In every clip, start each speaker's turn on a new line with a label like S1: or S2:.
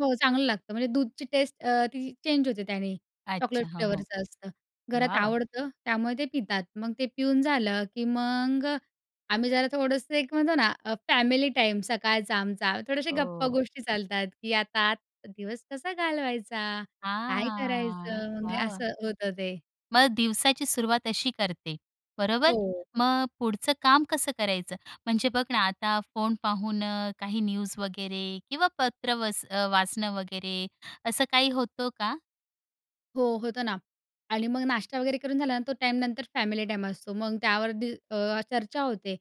S1: हो, चांगलं लागतं म्हणजे दूधची टेस्ट अ, ती चेंज होते त्यानी
S2: अच्छा.
S1: चॉकलेट
S2: हो, हो.
S1: फ्लेवरचं असतं घरात
S2: वाह, वाह!
S1: आवडतं त्यामुळे ते पितात. मग ते पिऊन झालं की मग अ, आम्ही जरा थोडंसं एक म्हणतो ना फॅमिली टाईम, सकाळचा आमचा थोडेसे गप्पा
S2: अ
S1: गोष्टी चालतात, की आता दिवस कसा घालवायचा, काय
S2: हां,
S1: करायचं, म्हणजे
S2: वाह, वाह!
S1: असं होतं ते.
S2: मग दिवसाची सुरुवात अशी करते बरोबर.
S1: हो.
S2: मग पुढचं काम कसं करायचं म्हणजे बघ ना आता फोन पाहून अ, काही न्यूज वगैरे किंवा पत्र वच वाचणं वगैरे असं काही होतो का?
S1: हो, होतं ना आणि मग नाश्ता वगैरे करून झालं ना तो टाईमनंतर फॅमिली टाईम असतो. मग त्यावर दि अ, चर्चा होते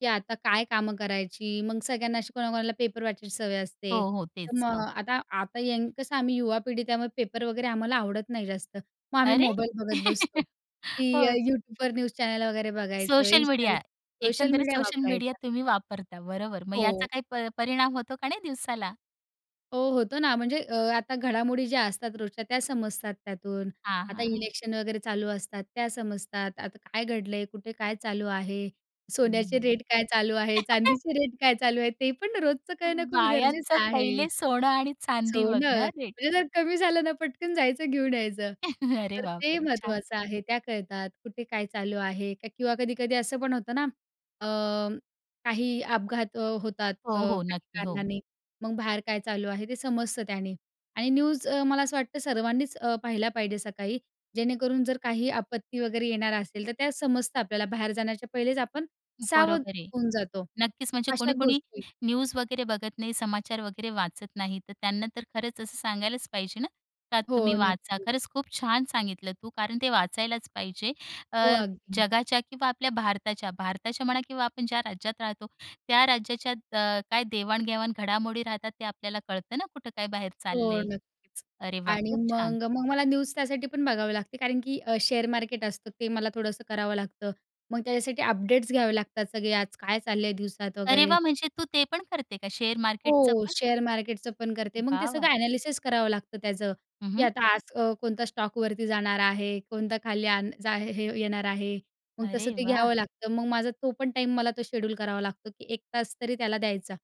S1: की आता काय कामं करायची मग सगळ्यांना अशी कोणा-कोणाला पेपर वाचायची सवय असते
S2: हो, हो,
S1: तर
S2: तेच
S1: मग
S2: हो.
S1: आता, आता य कसं आम्ही युवा पिढी त्यामुळे पेपर वगैरे आम्हाला आवडत नाही जास्त मग आम्ही
S2: अरे.
S1: मोबाईल बघत बसतो की अ,
S2: हो.
S1: YouTubeवर न्यूज चॅनेल वगैरे बघायचं
S2: सोशल
S1: Instagram
S2: मीडिया
S1: सोशल
S2: एकंदरीत
S1: मीडिया
S2: सोशल मीडिया
S1: वापरायचा.
S2: तुम्ही वापरता बरोबर मग याचा
S1: हो.
S2: काही प परिणाम होतो का नाही दिवसाला?
S1: हो, होतो ना म्हणजे अ, आता घडामोडी ज्या असतात रोजच्या त्या समजतात त्यातून.
S2: हां,
S1: आता
S2: हां, हां.
S1: इलेक्शन वगैरे चालू असतात त्या समजतात. आता काय घडलंय, कुठे काय चालू आहे, सोन्याचे
S2: हं.
S1: रेट काय चालू आहे, चांदीचे रेट काय चालू आहे ते पण रोजचं करणं खूप
S2: बायांच
S1: गरजेचं आहे.
S2: पहिले सोनं आणि चांदी बघणं
S1: सोनं
S2: हां रेट.
S1: म्हणजे जर कमी झालं तर पटकन जायचं घेऊन यायचं
S2: अरे
S1: तर ते
S2: बापरे! छान.
S1: महत्त्वाचं आहे. त्या कळतात. कुठे काय चालू आहे किंवा कधी-कधी असं पण होतं ना अ, काही अपघात होतात अ,
S2: हो, हो,
S1: काही
S2: नक्की हो.
S1: कारणाने मग बाहेर काय चालू आहे ते समजतं त्याने. आणि न्यूज अ, मला असं वाटतं सर्वांनीच अ, पाहिला पाहिजे सकाळी जेणेकरून जर काही आपत्ती वगैरे येणार असेल, तर त्या समजतं आपल्याला. बाहेर जाण्याच्या पहिलेच आपण सावध
S2: बरोबर आहे,
S1: होऊन जातो
S2: नक्कीच म्हणजे
S1: अशा
S2: कोणी-कोणी
S1: गोष्टी.
S2: न्यूज वगैरे बघत नाही समाचार वगैरे वाचत नाही तर त्यांना तर खरंच असं सांगायलाच पाहिजे ना, तर
S1: हो,
S2: तुम्ही वाचा
S1: नक्कीच.
S2: खरंच खूप छान सांगितलं तू कारण ते वाचायलाच पाहिजे. अ,
S1: हो, अगदी.
S2: जगाच्या किंवा आपल्या भारताच्या भारताच्या म्हणा किंवा आपण ज्या राज्यात राहतो त्या राज्याच्या अ, काय देवाण-घेवाण घडामोडी राहतात ते आपल्याला कळतं ना कुठं काय बाहेर
S1: हो
S2: चाललंय.
S1: नक्कीच,
S2: अरे वाह!
S1: आणि
S2: खूप छान.
S1: मग, मग मला न्यूज त्यासाठी पण बघावे लागते कारण की अ, शेअर मार्केट असतं ते मला थोडंसं करावं लागतं मग त्याच्यासाठी अपडेट्स घ्यावे लागतात सगळे आज काय चालल आहे दिवसात
S2: अरे
S1: वगैरे.
S2: वाह! म्हणजे तू ते पण करते का शेअर मार्केटच
S1: हो
S2: पण?
S1: शेअर मार्केटचं पण करते मग ते
S2: वाह, वाह!
S1: सगळं एनालिसिस करावं लागतं त्याचं
S2: हं,
S1: की
S2: हं.
S1: आता आज अ, कोणता स्टॉक वरती जाणार आहे, कोणता खाली आण जा हे येणार आहे. मग तसं
S2: अरे
S1: ते
S2: वाह!
S1: घ्यावं लागतं. मग माझा तो पण टाईम मला तो शेड्यूल करावा लागतो की 1 तास तरी त्याला द्यायचा.